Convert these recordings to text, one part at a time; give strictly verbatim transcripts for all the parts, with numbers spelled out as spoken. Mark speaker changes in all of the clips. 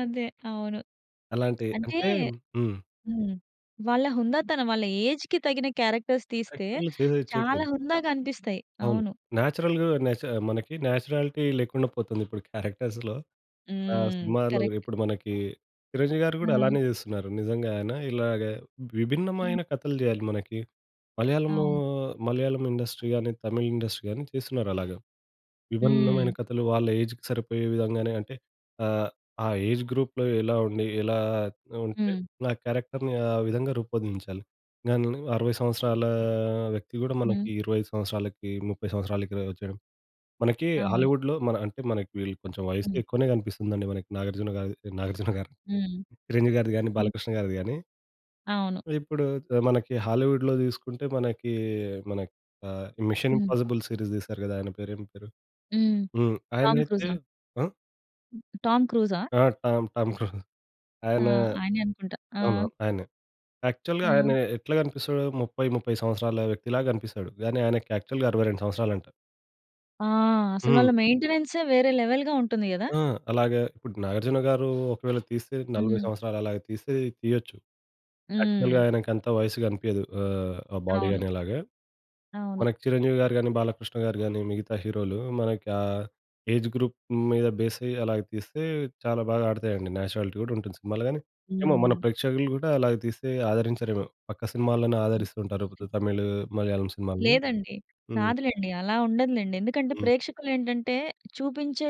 Speaker 1: అదే! అవును.
Speaker 2: అలాంటి
Speaker 1: అంటే
Speaker 2: అంటే హ్మ్.
Speaker 1: హ్మ్. వాళ్ళ హుందాతనం వాళ్ళ ఏజ్‌కి తగిన క్యారెక్టర్స్ తీస్తే
Speaker 2: క్యారెక్టర్లు చేదయి
Speaker 1: చాలా
Speaker 2: చేయట్లేదు.
Speaker 1: హుందాగనిపిస్తాయి.
Speaker 2: అవును.
Speaker 1: అవును.
Speaker 2: నేచురల్‌‌గ నేచ మనకి నేచురాలిటీ లేకుండా పోతుంది ఇప్పుడు క్యారెక్టర్స్‌లో. ఆహ్
Speaker 1: హ్మ్.
Speaker 2: సినిమాల్లో
Speaker 1: కరెక్ట్.
Speaker 2: ఇప్పుడు మనకి చిరంజీవి గారు గూడా
Speaker 1: ఆ!
Speaker 2: అలానే చేస్తున్నారు. నిజంగాయన ఇలాగ
Speaker 1: హ్మ్.
Speaker 2: విభిన్నమైన కథలు జేయాలి మనకి. మలయాళం,
Speaker 1: అవును.
Speaker 2: మలయాళం ఇండస్ట్రీ గాని, తమిళ్ ఇండస్ట్రీ గాని తిస్తున్నారలాగా. విభిన్నమైన
Speaker 1: హ్మ్.
Speaker 2: కథలు వాళ్ళ ఏజ్‌కి సరిపోయే విధంగానే అంటే ఆహ్, ఆ ఏజ్ గ్రూప్‌లో ఎలా ఉండి ఎలా ఉంటే
Speaker 1: హ్మ్.
Speaker 2: నా క్యారెక్టర్‌ని ఆ విధంగా రూపొందించాలి. గనునాయి అరవై సంవత్సరాల వ్యక్తి గూడా
Speaker 1: హ్మ్.
Speaker 2: మనకి ఇరవై ఐదు సంవత్సరాలకి, ముప్పై సంవత్సరాలకిల వచ్చేయడం. మనకి
Speaker 1: అవును.
Speaker 2: హాలీవుడ్‌లో మన అంటే మనకి వీళ్ళు కొంచెం వయస్సు
Speaker 1: హ్మ్.
Speaker 2: ఎక్కువనే గనిపిస్తుందండి. మనకి నాగార్జున గారు నాగార్జున గారు
Speaker 1: హ్మ్.
Speaker 2: 'చిరంజీవి' గారిది గానీ
Speaker 1: హ్మ్.
Speaker 2: 'బాలకృష్ణ' గారిది గాని.
Speaker 1: అవును.
Speaker 2: ఇప్పుడు త మనకి హాలీవుడ్‌లో దిసుకుంటే మనకి మన ఆహ్, 'మిషన్
Speaker 1: హ్మ్.
Speaker 2: ఇంపాసిబుల్' సీరీస్ దీసారు గదా! ఆయన పేరు ఏం పేరు?
Speaker 1: హ్మ్.
Speaker 2: హ్మ్.
Speaker 1: టామ్
Speaker 2: ఆయనయితే
Speaker 1: క్రూజా!
Speaker 2: ఆ?
Speaker 1: హ్మ్. 'టామ్ క్రూజా'?
Speaker 2: ఆ! టామ్ టామ్ క్రూజ్
Speaker 1: ఆ!
Speaker 2: ఆయన
Speaker 1: ఆయనే అనుకుంటా. ఆ!
Speaker 2: అవునవును ఆయనే. యాక్చువల్‌గా
Speaker 1: ఆ!
Speaker 2: ఆయన ఎట్లా గనిపిస్తాడు ముప్పై, ముప్పై సంవత్సరాల వ్యక్తిలా గనిపిస్తాడు. గానీ ఆయనకి యాక్చువల్‌గా అరవై రెండు సంవత్సరాలంట.
Speaker 1: ఆ! అసలు వాళ్ళ
Speaker 2: హ్మ్.
Speaker 1: మెయింటెనెన్సే వేరే లెవెల్‌గా ఉంటుంది గదా!
Speaker 2: ఆ! అలాగా ఇప్పుడు 'నాగార్జున గారు' ఒకవేళ తీస్తే నలబై
Speaker 1: హ్మ్.
Speaker 2: సంవత్సరాలు అలాగా తీస్తే తీయొచ్చు. యాక్చువల్‌గా
Speaker 1: హ్మ్.
Speaker 2: ఆయనకంత వయస్సు కనిపియదు ఆహ్, ఆ బాడీ
Speaker 1: అవును.
Speaker 2: గానలాగా.
Speaker 1: అవును.
Speaker 2: మనకి 'చిరంజీవి గారు' గాని, 'బాలకృష్ణ గారు' గాని మిగతా హీరోలు మనకి ఆ ఏజ్ గ్రూప్ మీద బెసయ్యి అలాగా తీస్తే చాలా బాగా ఆడతాయండి. నేచురాలిటీ గూడుంటుంది సినిమాలు గానీ, ఏమో మన
Speaker 1: హ్మ్.
Speaker 2: ప్రేక్షకులు గూడా అలాగ తీస్తే ఆదరించరేమో పక్క సినిమాలనే ఆదరిస్తుంటారు. తమిళ్, మలయాళం సినిమాలుని.
Speaker 1: లేదండి.
Speaker 2: హ్మ్.
Speaker 1: కాదులేండి. అలా ఉండదులేండి. ఎందుకంటే
Speaker 2: హ్మ్.
Speaker 1: ప్రేక్షకులేంటంటే చూపించే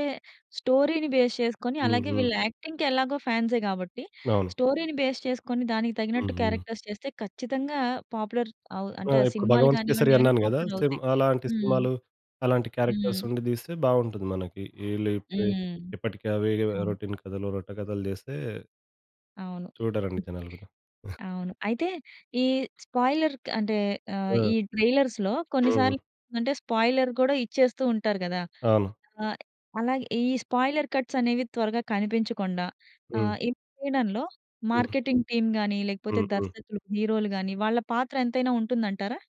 Speaker 1: స్టోరీని బేస్ చేసుకొని అలాగే
Speaker 2: హుహు.
Speaker 1: వీళ్ళు యాక్టింగ్‌కి ఎలాగో ఫాన్సే గాబట్టి
Speaker 2: అవును.
Speaker 1: స్టోరీ‌ని బేస్ చేసుకొని దానికి తగినట్టు
Speaker 2: హుహు.
Speaker 1: క్యారెక్టర్స్ చేస్తే ఖచ్చితంగా పాపులర్ అవు
Speaker 2: ఆ!
Speaker 1: అంటే ఆ
Speaker 2: ఇప్పుడు
Speaker 1: సినిమాలు
Speaker 2: 'భగవంత్ కేసరి'
Speaker 1: గానివ్వండి ఏవైనా
Speaker 2: అన్నాను గదా! సేమ్
Speaker 1: పాపులరవుతాయి.
Speaker 2: అలాంటి
Speaker 1: హ్మ్.
Speaker 2: సినిమాలు అలాంటి క్యారెక్టర్స్
Speaker 1: హ్మ్.
Speaker 2: ఉండి దీస్తే బాగుంటుంది మనకి. ఇళ్ళపే
Speaker 1: హ్మ్.
Speaker 2: ఎప్పటికి అవే కథ
Speaker 1: అవును.
Speaker 2: రోటీన్ కథలు, రొట్టె కథలు జేస్తే
Speaker 1: అవును.
Speaker 2: చూడరండి జనాలు గూడా.
Speaker 1: అవును. అయితే ఈ స్పాయిలర్‌‌కు అంటే
Speaker 2: ఆ!
Speaker 1: ఆహ్, ఈ ట్రైలర్స్‌లో
Speaker 2: ఆ!
Speaker 1: కొన్నిసార్లు అంటే స్పాయిలర్ కూడా ఇచ్చేస్తూ ఉంటారు కదా!
Speaker 2: అవును.
Speaker 1: ఆహ్, అలాగే ఈ స్పాయిలర్ కట్స్ అనేవి త్వరగా కనిపించకుండా
Speaker 2: హ్మ్.
Speaker 1: ఆహ్, ఇవి చేయడంలో
Speaker 2: హ్మ్.
Speaker 1: మార్కెటింగ్ టీమ్ గాని లేకపోతే
Speaker 2: హుహు.
Speaker 1: దర్శకులు, హీరోలు గాని వాళ్ళ పాత్ర ఎంతైనా ఉంటుందంటారా?